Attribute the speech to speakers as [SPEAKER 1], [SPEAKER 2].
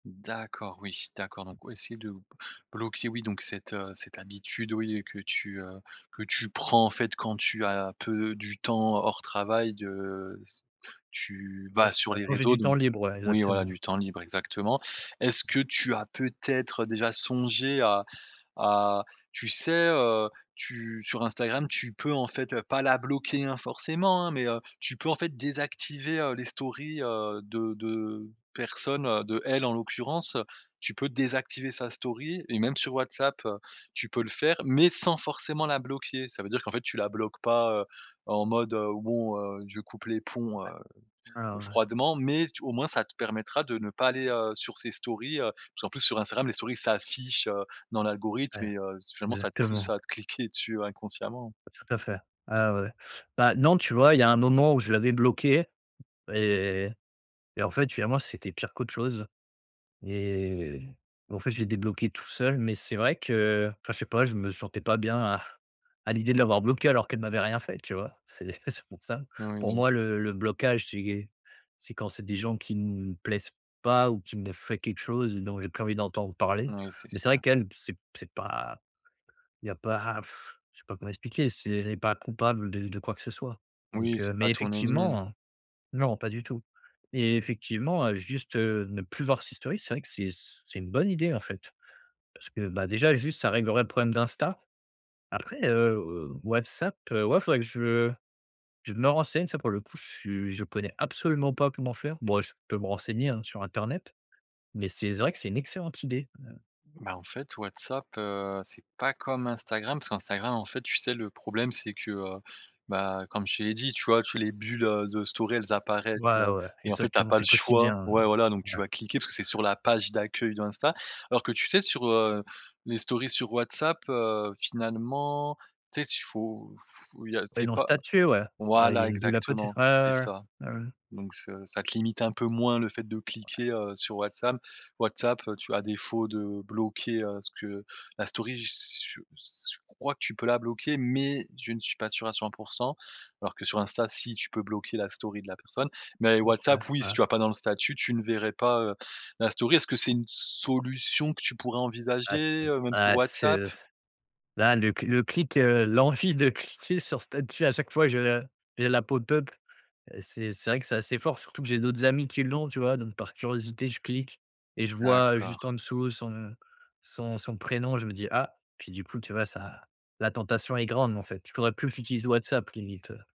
[SPEAKER 1] D'accord. Oui d'accord, donc oui si de b bloquer oui donc cette, heu, cette habitude oui, heu, que tu, heu, que tu prends en fait quand tu as peu du temps hors travail de s tu
[SPEAKER 2] Ouais
[SPEAKER 1] vas
[SPEAKER 2] c'est
[SPEAKER 1] sur
[SPEAKER 2] ça.
[SPEAKER 1] les
[SPEAKER 2] Quand j'ai
[SPEAKER 1] réseaux
[SPEAKER 2] du temps
[SPEAKER 1] donc
[SPEAKER 2] libre, ouais,
[SPEAKER 1] oui, voilà,
[SPEAKER 2] exactement.
[SPEAKER 1] du temps libre exactement. Est-ce
[SPEAKER 2] Ouais.
[SPEAKER 1] que tu as peut-être déjà songé à à tu sais, heu, tu sur Instagram tu peux en fait, heu, pas la bloquer, hein, forcément, hein, mais, heu, tu peux en fait désactiver, heu, les stories, heu, de de personnes, heu, d'elle en l'occurrence. Tu peux désactiver sa story, et même sur WhatsApp, heu, tu peux le faire mais sans forcément la bloquer. Ça veut dire qu'en fait tu la bloques pas, heu, en mode, heu, bon, heu, je coupe les ponts,
[SPEAKER 2] Ouais.
[SPEAKER 1] heu,
[SPEAKER 2] Ouais,
[SPEAKER 1] heu,
[SPEAKER 2] ouais, ouais.
[SPEAKER 1] froidement, mais tu au moins ça te permettra de ne pas aller, heu, sur ses stories, heu. Parce qu'en plus sur Instagram les stories, s'affichent, heu, dans l'algorithme
[SPEAKER 2] Ouais.
[SPEAKER 1] et heu, s finalement ça te pousse
[SPEAKER 2] Exactement.
[SPEAKER 1] à cliquer dessus inconsciemment.
[SPEAKER 2] Tout à fait. Ah ouais. Bah, non, tu vois? Il y a un moment où je l'avais bloquée et et en fait, finalement, c'était pire qu'autre chose et et en fait, je l'ai débloquée tout seul. Mais c'est vrai que enfin je sais pas, je me sentais pas bien à à l'idée de l'avoir bloquée alors qu'elle m'avait rien fait, tu vois? C'est c'est c'est pour ça. Pour
[SPEAKER 1] Oui.
[SPEAKER 2] moi, le le blocage, c'est est c'est quand c'est des gens qui nous plaisent pas ou qui m'aient fait quelque chose dont j'ai plus envie d'entendre parler.
[SPEAKER 1] Oui, c'est
[SPEAKER 2] Mais c'est vrai
[SPEAKER 1] sûr.
[SPEAKER 2] qu'elle p c'est c'est pas il y a pas ah, je sais comment expliquer, c'est elle est pas coupable de de quoi que ce soit.
[SPEAKER 1] Oui,
[SPEAKER 2] Donc, heu.
[SPEAKER 1] c'est pas
[SPEAKER 2] Mais
[SPEAKER 1] ton ennemie.
[SPEAKER 2] effectivement. Non, pas du tout et effectivement, heu, juste, heu, ne plus voir ses stories, c'est vrai que c'est c c'est une bonne idée en fait. Parce que, bah, déjà juste ça réglerait le problème d'Instagram. Après, heu, heu, WhatsApp, heu, ouais faudrait que je je me renseigne. Ça pour le coup, je suis je connais absolument pas comment faire. Bon, eh, je peux me renseigner, hein, sur internet. Mais c'est vrai que c'est une excellente idée. Ouais.
[SPEAKER 1] Bah en fait WhatsApp, heu, c'est pas comme Instagram, parce qu'Instagram en fait tu sais le problème c'est que, heu, bah, comme je te l'ai dit, tu vois? Tu les bulles, heu, de stories elles apparaissent,
[SPEAKER 2] Ouais,
[SPEAKER 1] heu
[SPEAKER 2] ouais,
[SPEAKER 1] et en fait tu as
[SPEAKER 2] exactement,
[SPEAKER 1] pas
[SPEAKER 2] c'est
[SPEAKER 1] le choix,
[SPEAKER 2] quotidien,
[SPEAKER 1] ouais
[SPEAKER 2] mmh.
[SPEAKER 1] voilà donc tu
[SPEAKER 2] Ouais
[SPEAKER 1] vas cliquer parce que c'est sur la page d'accueil d'Instagram. Alors que tu sais sur, heu, les stories, sur WhatsApp, heu, finalement, tu sais t il faut il y a
[SPEAKER 2] Ouais,
[SPEAKER 1] c'est
[SPEAKER 2] dans
[SPEAKER 1] pas
[SPEAKER 2] statuts, ouais. Ouais, il y a
[SPEAKER 1] voilà
[SPEAKER 2] une bulle à côté.
[SPEAKER 1] exactement
[SPEAKER 2] Ouais,
[SPEAKER 1] c'est
[SPEAKER 2] ouais,
[SPEAKER 1] ça.
[SPEAKER 2] ouais. Ouais, ouais.
[SPEAKER 1] Donc çe ça te limite un peu moins le fait de
[SPEAKER 2] Ouais.
[SPEAKER 1] cliquer, heu, sur WhatsApp. WhatsApp, heu, tu à défaut de bloquer, heu, ce que la story j s j s je crois que tu peux la bloquer mais je ne suis pas sûr à 100 %. Alors que sur Instagram si, tu peux bloquer la story de la personne. Mais
[SPEAKER 2] OK,
[SPEAKER 1] WhatsApp oui, si
[SPEAKER 2] ah.
[SPEAKER 1] tu vas pas dans le statut, tu ne verrais pas, heu, la story, est-ce que c'est une solution que tu pourrais
[SPEAKER 2] Ah c'est
[SPEAKER 1] envisager? Heu, même sur
[SPEAKER 2] ah c'est,
[SPEAKER 1] WhatsApp?
[SPEAKER 2] heu, s là le cl le clic, heu, l'envie de cliquer sur statut à chaque fois, je le j'ai l'app au top. Heu, c'est c'est vrai que c'est assez fort, surtout que j'ai d'autres amis qui l'ont tu vois? Donc par curiosité, je clique et je vois, heu, juste
[SPEAKER 1] D'accord.
[SPEAKER 2] en-dessous son son son prénom. Je me dis: «Ah» puis du coup, tu vois? Ça la tentation est grande en fait, je devrais plus que j'utilise WhatsApp limite, heu.